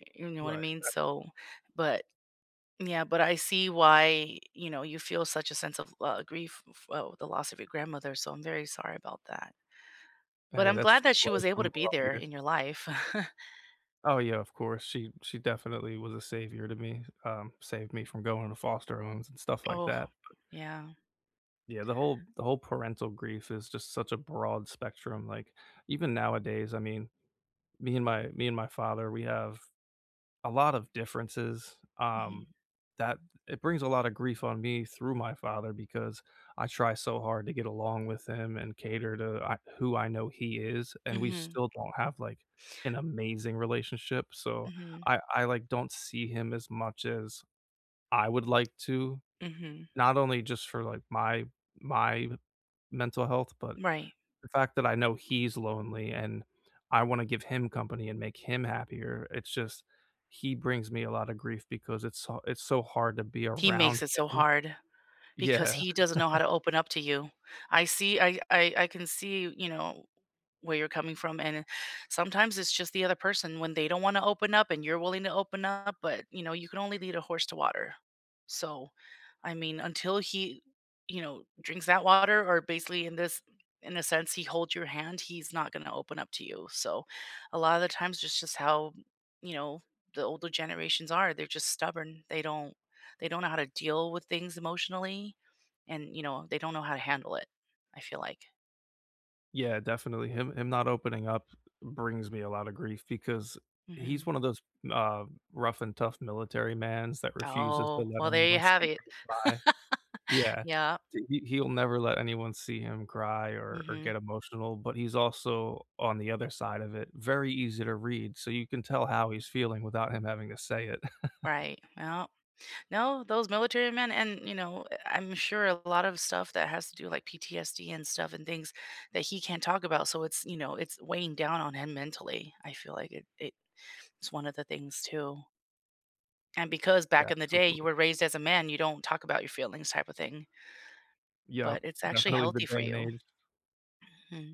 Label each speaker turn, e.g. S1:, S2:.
S1: Eh, you know what I
S2: Right.
S1: mean?
S2: [unintelligible]
S1: So but yeah, but I see why, you know, you feel such a sense of l grief, f well, with the loss of your grandmother, so I'm very sorry about that. But
S2: Hey,
S1: I'm glad
S2: that's
S1: that she was able to be
S2: [unintelligible]
S1: there
S2: here.
S1: in your life.
S2: Oh, yeah, of course, she she definitely was a savior to me. Um, saved me from going to foster homes and stuff like
S1: Oh.
S2: that, but
S1: Yeah.
S2: Yeah, the whole the whole parental grief is just such a broad spectrum. Like, even nowadays, I mean, me and my me and my father, we have a lot of differences,
S1: Mhm.
S2: um, that it brings a lot of grief on me through my father because I try so hard to get along with him and cater to I who I know he is, and we
S1: Mhm.
S2: still don't have, like, an amazing relationship, so
S1: Mhm.
S2: I I, like, don't see him as much as I would like to,
S1: Mhm.
S2: not only just for, like, my my mental health, but
S1: Right.
S2: the fact that I know he's lonely and I wanna give him company and make him happier. It's just he brings me a lot of grief because it's so it's so hard to be
S1: He makes
S2: around
S1: it so
S2: him.
S1: hard because
S2: Yeah.
S1: he doesn't know how to open up to you. I see I I I can see, you know, where you're coming from, and, eh, sometimes it's just the other person when they don't wanna open up and you're willing to open up, but, you know, you can only lead a horse to water. So, I mean, until he, you know, drinks that water or, basically, in this in a sense, he holds your hand, he's not gonna open up to you. So a lot of the times, that's just how, you know, the older generations are. They're just stubborn. They don't they don't know how to deal with things emotionally, and, you know, they don't know how to handle it, I feel like.
S2: Yeah, definitely, him him not opening up brings me a lotta grief because
S1: Mhm.
S2: he's one of those, uh, rough and tough military mans that refuses to
S1: Oh,
S2: let
S1: well, there you
S2: anyone see
S1: have it.
S2: him cry. Yeah,
S1: Yep.
S2: he he'll never let anyone see him cry or or
S1: Mhm.
S2: get emotional, but he's also, on the other side of it, very easy to read, so you can tell how he's feeling without him having to say it.
S1: Right, yep. No, those military men and, you know, I'm sure a lot of stuff that has to do, like PTSD and stuff and things that he can't talk about. so it's you know, it's weighing down on him mentally. I feel like it it is one of the things too. And because,
S2: Yeah,
S1: back in the day, you
S2: absolutely.
S1: were raised as a man, you don't talk about your feelings type of thing
S2: Yep,
S1: but it's actually
S2: definitely the
S1: healthy for
S2: day and
S1: you.
S2: age.
S1: Mhm.